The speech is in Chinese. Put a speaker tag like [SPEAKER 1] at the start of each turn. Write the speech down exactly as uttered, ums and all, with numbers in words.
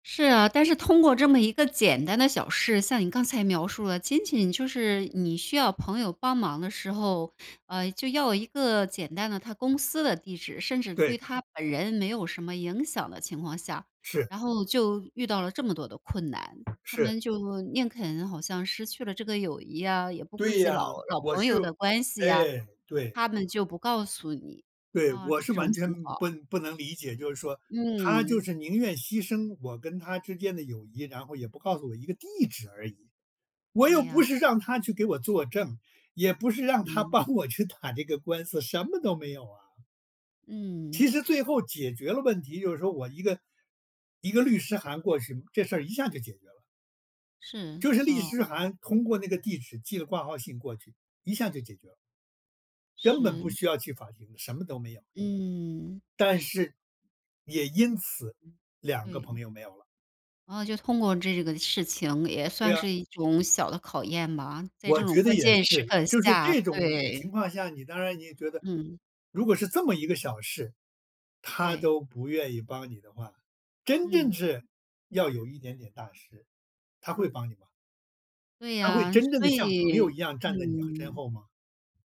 [SPEAKER 1] 是啊，但是通过这么一个简单的小事，像你刚才描述的，仅仅就是你需要朋友帮忙的时候，呃，就要一个简单的他公司的地址，甚至
[SPEAKER 2] 对。
[SPEAKER 1] 对他本人没有什么影响的情况下，
[SPEAKER 2] 是。
[SPEAKER 1] 然后就遇到了这么多的困难。他
[SPEAKER 2] 是。
[SPEAKER 1] 们就宁肯好像失去了这个友谊呀，也不顾
[SPEAKER 2] 对
[SPEAKER 1] 及
[SPEAKER 2] 呀，
[SPEAKER 1] 老老
[SPEAKER 2] 我
[SPEAKER 1] 朋
[SPEAKER 2] 是
[SPEAKER 1] 友的关系呀。
[SPEAKER 2] 哎，对。
[SPEAKER 1] 他们就不告诉你，
[SPEAKER 2] 对，
[SPEAKER 1] 啊，
[SPEAKER 2] 我是
[SPEAKER 1] 这种
[SPEAKER 2] 完
[SPEAKER 1] 情
[SPEAKER 2] 全
[SPEAKER 1] 况。
[SPEAKER 2] 不不能理解，就是说他就
[SPEAKER 1] 嗯。
[SPEAKER 2] 是宁愿牺牲我跟他之间的友谊，然后也不告诉我一个地址而已。我又
[SPEAKER 1] 对呀，
[SPEAKER 2] 不是让
[SPEAKER 1] 啊。
[SPEAKER 2] 他去给我作证，也不是让他
[SPEAKER 1] 嗯。
[SPEAKER 2] 帮我去打这个官司，什么都没有啊。
[SPEAKER 1] 嗯。
[SPEAKER 2] 其实最后解决了问题，就是说我一个一个律师函过去，这事儿一下就解决了。
[SPEAKER 1] 是，
[SPEAKER 2] 就是利
[SPEAKER 1] 哦。
[SPEAKER 2] 师函通过那个地址寄了挂号信过去，一下就解决了。根本不
[SPEAKER 1] 是。
[SPEAKER 2] 需要去法庭的，什么都没有。
[SPEAKER 1] 嗯。
[SPEAKER 2] 但是，也因此，两个朋
[SPEAKER 1] 对。
[SPEAKER 2] 友没有了。
[SPEAKER 1] 哦，就通过这个事情也
[SPEAKER 2] 对
[SPEAKER 1] 算
[SPEAKER 2] 啊。
[SPEAKER 1] 是一种小的考验吧，在这
[SPEAKER 2] 我
[SPEAKER 1] 种
[SPEAKER 2] 觉得
[SPEAKER 1] 关
[SPEAKER 2] 也
[SPEAKER 1] 键时
[SPEAKER 2] 是，
[SPEAKER 1] 刻
[SPEAKER 2] 就是
[SPEAKER 1] 下，
[SPEAKER 2] 这种情
[SPEAKER 1] 对。
[SPEAKER 2] 况下，你当然你也觉得，
[SPEAKER 1] 嗯。
[SPEAKER 2] 如果是这么一个小事，他
[SPEAKER 1] 对。
[SPEAKER 2] 都不愿意帮你的话，真正
[SPEAKER 1] 嗯。
[SPEAKER 2] 是，要有一点点大事，他会帮你吗？
[SPEAKER 1] 对
[SPEAKER 2] 他会
[SPEAKER 1] 啊，
[SPEAKER 2] 真正
[SPEAKER 1] 所
[SPEAKER 2] 的像朋友一
[SPEAKER 1] 以
[SPEAKER 2] 样站在你身
[SPEAKER 1] 嗯。
[SPEAKER 2] 后吗？